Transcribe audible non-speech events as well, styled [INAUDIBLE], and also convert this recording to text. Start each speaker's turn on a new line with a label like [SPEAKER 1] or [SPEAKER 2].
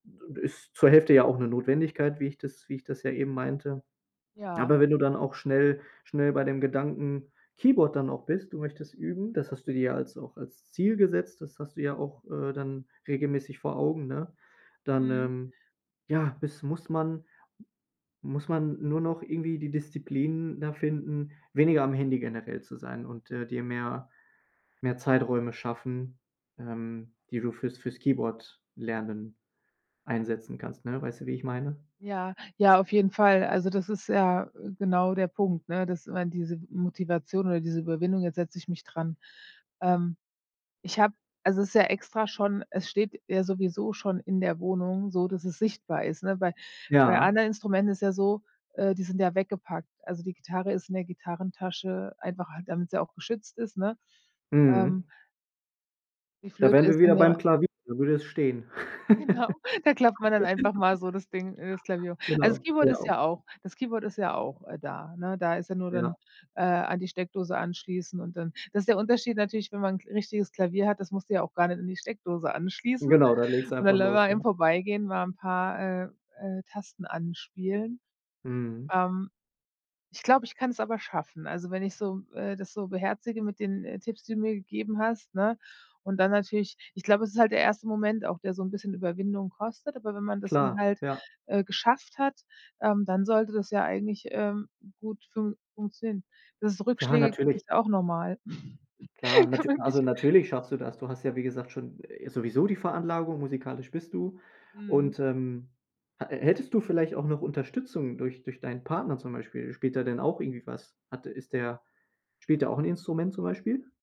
[SPEAKER 1] [UNINTELLIGIBLE] Ist zur Hälfte ja auch 'ne Notwendigkeit, wie ich das wie ich das ja eben meinte.
[SPEAKER 2] Ja.
[SPEAKER 1] Aber wenn du dann auch schnell schnell bei dem Gedanken Keyboard dann auch bist, du möchtest üben, das hast du dir ja als auch als Ziel gesetzt, das hast du ja auch, äh, dann regelmäßig vor Augen, ne? Dann,
[SPEAKER 2] Mhm.
[SPEAKER 1] ähm, ja, [SIGHS] bis muss man muss man nur noch irgendwie die Disziplin da finden, weniger am Handy generell zu sein und, äh, dir mehr mehr Zeiträume schaffen, ähm, die du fürs fürs Keyboard lernen einsetzen kannst, ne? Weißt du, wie ich meine?
[SPEAKER 2] Ja, ja, auf jeden Fall, also, das ist ja genau der Punkt, ne? Dass man diese Motivation oder diese Überwindung: „Jetzt setze ich mich dran!“ Ähm, ich habe also es ist ja extra schon es steht ja sowieso schon in der Wohnung, so dass es sichtbar ist, ne? Bei bei
[SPEAKER 1] Ja.
[SPEAKER 2] anderen Instrumenten ist es ja so, äh, die sind ja weggepackt. Also die Gitarre ist in der Gitarrentasche, einfach halt damit sie auch geschützt ist, ne? Ähm
[SPEAKER 1] Mhm.
[SPEAKER 2] Die
[SPEAKER 1] Da
[SPEAKER 2] Flöte
[SPEAKER 1] wären wir
[SPEAKER 2] ist in
[SPEAKER 1] wieder
[SPEAKER 2] ihrer
[SPEAKER 1] beim Klavier, wo würde es stehen.
[SPEAKER 2] Genau, da klappt man dann einfach mal so
[SPEAKER 1] [LAUGHS]
[SPEAKER 2] das Ding äh, das Klavier hoch. Also das
[SPEAKER 1] Genau,
[SPEAKER 2] Keyword
[SPEAKER 1] ginge
[SPEAKER 2] ist
[SPEAKER 1] auch.
[SPEAKER 2] ja auch das Keyboard ist ja auch, äh, da, ne? Da ist ja nur, dann,
[SPEAKER 1] Ja.
[SPEAKER 2] äh, an die Steckdose anschließen und dann das ist der Unterschied natürlich, wenn man 'n Kl richtiges Klavier hat, das musst du ja auch gar nicht an die Steckdose anschließen.
[SPEAKER 1] Genau, dann legst du
[SPEAKER 2] Und dann
[SPEAKER 1] einfach los,
[SPEAKER 2] [UNINTELLIGIBLE]
[SPEAKER 1] ja.
[SPEAKER 2] im vorbeigehen, mal 'n paar, äh äh Tasten anspielen.
[SPEAKER 1] Mhm.
[SPEAKER 2] Ähm, Ich glaube, ich kann es aber schaffen. Also wenn ich so, äh das so beherzige mit den, äh, Tipps, die du mir gegeben hast, ne? Und dann natürlich ich glaube, es ist halt der erste Moment auch, der so 'n bisschen Überwindung kostet, aber wenn man das dann
[SPEAKER 1] Klar,
[SPEAKER 2] halt,
[SPEAKER 1] ja.
[SPEAKER 2] äh, geschafft hat, ähm, dann sollte das ja eigentlich, ähm, gut funk funktionieren. Dass es
[SPEAKER 1] Ja,
[SPEAKER 2] Rückschläge gibt,
[SPEAKER 1] natürlich.
[SPEAKER 2] ist auch normal. [LAUGHS]
[SPEAKER 1] Klar,
[SPEAKER 2] Kann
[SPEAKER 1] natü
[SPEAKER 2] man wirklich
[SPEAKER 1] also natürlich schaffst du das. Du hast ja, wie gesagt, schon, äh sowieso die Veranlagung, musikalisch bist du.
[SPEAKER 2] Mhm.
[SPEAKER 1] Und, ähm, hatte hättest du vielleicht auch noch Unterstützung durch durch deinen Partner zum Beispiel? Spielt er denn auch irgendwie was? Hat ist der spielt er auch 'n Instrument zum Beispiel?